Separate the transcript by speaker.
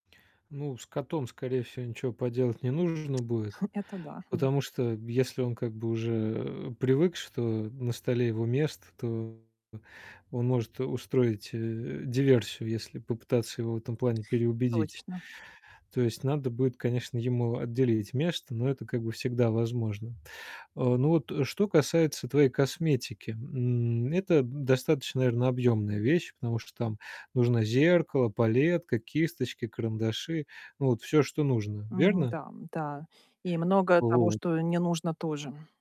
Speaker 1: Ну, с котом, скорее всего, ничего поделать не нужно будет,
Speaker 2: Это да, хм.
Speaker 1: потому что если он как бы уже, э, привык, что на столе его место, то он может, э, устроить, э, диверсию, если попытаться его в этом плане переубедить.
Speaker 2: Точно.
Speaker 1: То есть надо будет, конечно, ему отделить место, но это как бы всегда возможно. Э, ну, вот что касается твоей косметики, м, это достаточно, наверное, объёмная вещь, потому что там нужно зеркало, палетка, кисточки, карандаши. Ну, вот всё, что нужно.
Speaker 2: Мгм.
Speaker 1: Верно?
Speaker 2: Да, да. И много того,
Speaker 1: Вот.
Speaker 2: что не нужно, тоже.